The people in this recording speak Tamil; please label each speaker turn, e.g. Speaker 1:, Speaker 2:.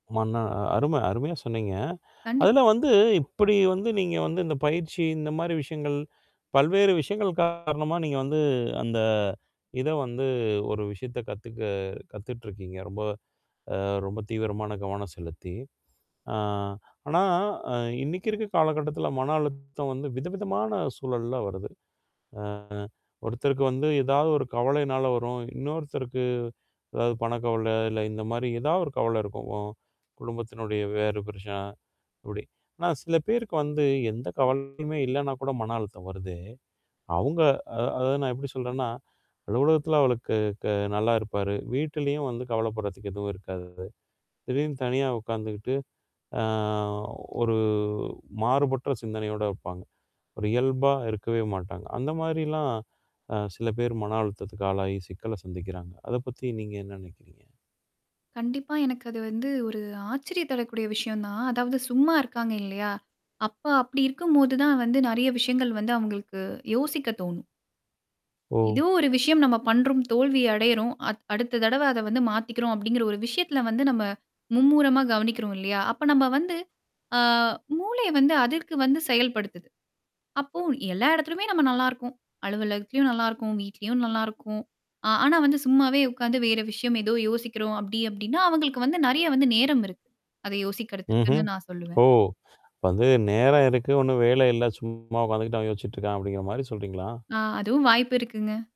Speaker 1: மன்ன அ அரும அருமையா சொன்னீங்க. அதில
Speaker 2: கண்டிப்பா.
Speaker 1: வந்து இப்படி வந்து நீங்க வந்து இந்த பயிற்சி இந்த மாரி விஷயங்கள், பல்வேறு விஷயங்கள் காரணமா நீங்க வந்து, அந்த இத வந்து ஒரு விஷயத்த கத்துக்க கத்துட்டுருக்கீங்க. ரொம்ப அ ரொம்ப தீவிரமான கவனம் செலுத்தி. ஆ. ஆனா, இன்னைக்கு இருக்க காலகட்டத்தில, மன அழுத்தம் வந்து விதவிதமான சூழல்ல வருது. ஆ. ஒருத்தருக்கு வந்து ஏதாவது ஒரு கவலைனால வரும். இன்னொருத்தருக்கு, அதாவது பணக்கவல, இல்ல இந்த மாரி ஏதாவது ஒரு கவல இருக்கும். குடும்பத்தினுடைய வேறு பிரச்சனை அப்டி. ஆனா, சில பேருக்கு வந்து எந்த கவலையுமே இல்லன்னா கூட, மன அழுத்தம் வருதே? அவங்க அ அத நான் எப்படி சொல்றேன்னா, அலுவலகத்தில அவருக்கு க நல்லா இருப்பாரு. வீட்லயும் வந்து கவலப்படுறதுக்கு எதுவும் இருக்காது. திடீர்ன்னு தனியா உட்காந்துக்கிட்டு, அ ஒரு மாறுபட்ட சிந்தனையோட இருப்பாங்க. ஒரு இயல்பா இருக்கவே மாட்டாங்க. அந்த மாரிலாம், அ சில பேர் மன அழுத்தத்துக்கு ஆளாகி, சிக்கல சந்திக்கிறாங்க. அத பத்தி நீங்க என்ன நெனைக்கிறீங்க?
Speaker 2: கண்டிப்பா எனக்கு அது வந்து, ஒரு ஆச்சரிய தடக்கூடிய விஷயம் தான். அதாவது சும்மா இருக்காங்க இல்லையா? அப்ப அப்டி இருக்கும்போது தான் வந்து, நெறைய விஷயங்கள் வந்து அவங்களுக்கு யோசிக்க தோணும்.
Speaker 1: ஓ.
Speaker 2: ஏதோ ஒரு விஷயம் நம்ம பண்றோம். தோல்வி அடையறோம். அ அடுத்த தடவ அத வந்து மாத்திக்கிறோம். அப்டிங்கிற ஒரு விஷயத்தில வந்து நம்ம மும்முரமா கவனிக்கிறோம் இல்லையா? அப்ப நம்ம வந்து ஆ மூளைய வந்து அதற்கு வந்து செயல்படுத்துது. அப்போ, எல்லா இடத்தலுமே நம்ம நல்லாருக்கோம். அலுவலகத்திலயும் நல்லாருக்கும். வீட்லயும் நல்லாருக்கும். அ ஆனா வந்து சும்மாவே உட்காந்து வேற விஷயம் ஏதோ யோசிக்கிறோம் அப்டி அப்டின்னா, அவங்களுக்கு வந்து நெறைய வந்து நேரம் இருக்கு. அத
Speaker 1: ம்ஹ்ம்,
Speaker 2: யோசிக்கறதுக்குன்னு நான் சொல்லுவேன்.
Speaker 1: ஓ! இப்ப வந்து நேரம் இருக்கு. ஒண்ணும் வேல இல்ல சும்மா உட்காந்துக்கிட்டு, அவன் யோசிச்சிட்டுருக்கான், அப்டிங்கிற மாரி சொல்றீங்களா?
Speaker 2: ஆ, அதுவும் வாய்ப்பு இருக்குங்க.